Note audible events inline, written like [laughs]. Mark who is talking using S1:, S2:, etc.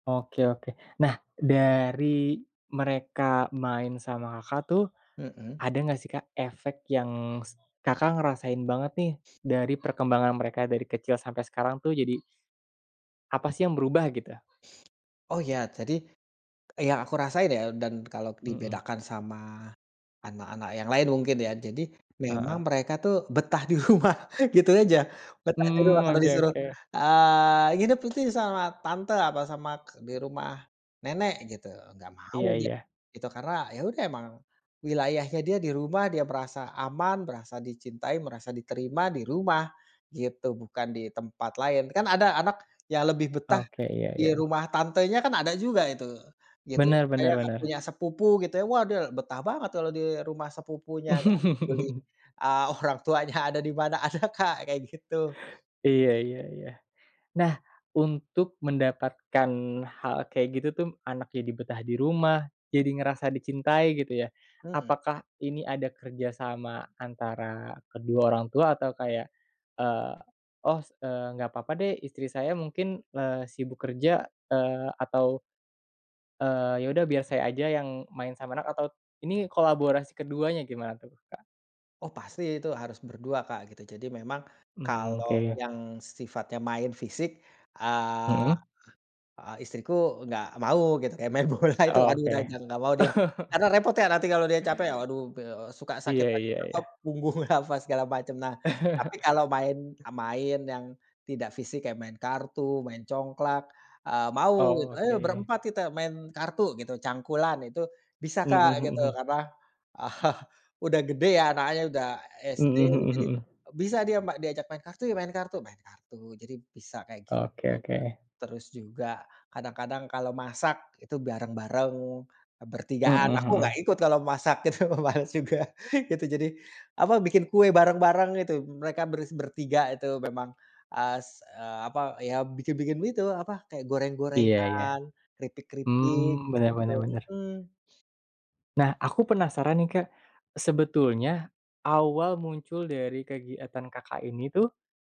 S1: Oke oke. Nah, dari mereka main sama Kakak tuh,
S2: Mhm.
S1: ada nggak sih, Kak, efek yang s Kakak ngerasain banget nih, dari perkembangan mereka, dari kecil sampai sekarang tuh, jadi apa sih yang berubah, gitu?
S2: Oh, ya, jadi yang aku rasain ya dan kalau
S1: Mhm.
S2: dibedakan sama anak-anak yang lain mungkin ya, jadi
S1: Ah
S2: memang
S1: hah.
S2: mereka tuh betah di rumah, gitu aja. Betah di rumah,
S1: Mmm,
S2: kalau
S1: Oke
S2: disuruh,
S1: oke.
S2: eee, nginep, itu, sama tante atau sama k di rumah nenek, gitu, nggak mau
S1: Iya
S2: dia,
S1: iya.
S2: gitu, karena ya udah emang wilayahnya dia di rumah, dia merasa aman, merasa dicintai, merasa diterima di rumah, gitu, bukan di tempat lain. Kan ada anak yang lebih betah
S1: Oke. Ya
S2: di
S1: ya.
S2: rumah tantenya kan, ada juga itu, gitu, ya,
S1: Benar benar
S2: kayak nggak
S1: bener.
S2: punya sepupu, gitu ya, waduh, betah banget kalau di rumah sepupunya, nggak peduli,
S1: [laughs]
S2: eee, orang tuanya ada di mana. Ada, Kak, kayak gitu.
S1: Iya iya iya. Nah, untuk mendapatkan hal kayak gitu tuh, anak jadi betah di rumah, jadi ngerasa dicintai, gitu ya.
S2: Mhm.
S1: Apakah ini ada kerja sama antara kedua orang tua atau kayak, eee, "Oh, s enggak apa-apa deh, istri saya mungkin, eee, sibuk kerja, eee, atau, eee, ya udah, biar saya aja yang main sama anak," atau ini kolaborasi keduanya, gimana tuh, Kak?
S2: Oh, pasti itu, harus berdua, Kak, gitu. Jadi memang
S1: Mmm,
S2: kalau
S1: oke.
S2: yang sifatnya main fisik,
S1: Mhm.
S2: eee, istriku enggak mau, gitu, kayak main bola itu, aduh, dah,
S1: Oke.
S2: enggak mau dia,
S1: [laughs]
S2: karena repot ya nanti kalau dia capek, aduh, [unintelligible] suka sakit
S1: Iya iya
S2: [unintelligible]
S1: iya.
S2: punggung, apa, segala macem. Nah, tapi kalau main
S1: [chuckles]
S2: main yang tidak fisik, kayak main kartu, main congklak, eee, mau,
S1: Oh,
S2: "Ayo
S1: oke.
S2: berempat kita main kartu," gitu, cangkulan, itu bisa,
S1: Mhm
S2: Kak,
S1: mhm
S2: gitu
S1: mhm.
S2: karena [chuckles] udah gede ya, anaknya udah SD,
S1: Mhm mhm
S2: jadi
S1: mhm.
S2: bisa dia ma diajak main kartu ya, main kartu main kartu jadi bisa kayak
S1: Oke
S2: gitu.
S1: oke.
S2: Terus juga kadang-kadang kalau masak itu bareng-bareng, bertigaan,
S1: Mhm
S2: aku nggak
S1: mhm.
S2: ikut kalo masak itu, males juga gitu. Jadi, apa, bikin kue bareng-bareng gitu, mereka bers bertiga itu, memang as a apa, iya, bikin-bikin itu, apa, kayak, apa,
S1: Iya iya.
S2: goreng-gorengan, keripik-keripik
S1: Mhm, Bener
S2: gitu,
S1: bener bener.
S2: mhm.
S1: Nah, aku penasaran nih, Kak, sebetulnya awal muncul dari kegiatan Kakak ini tuh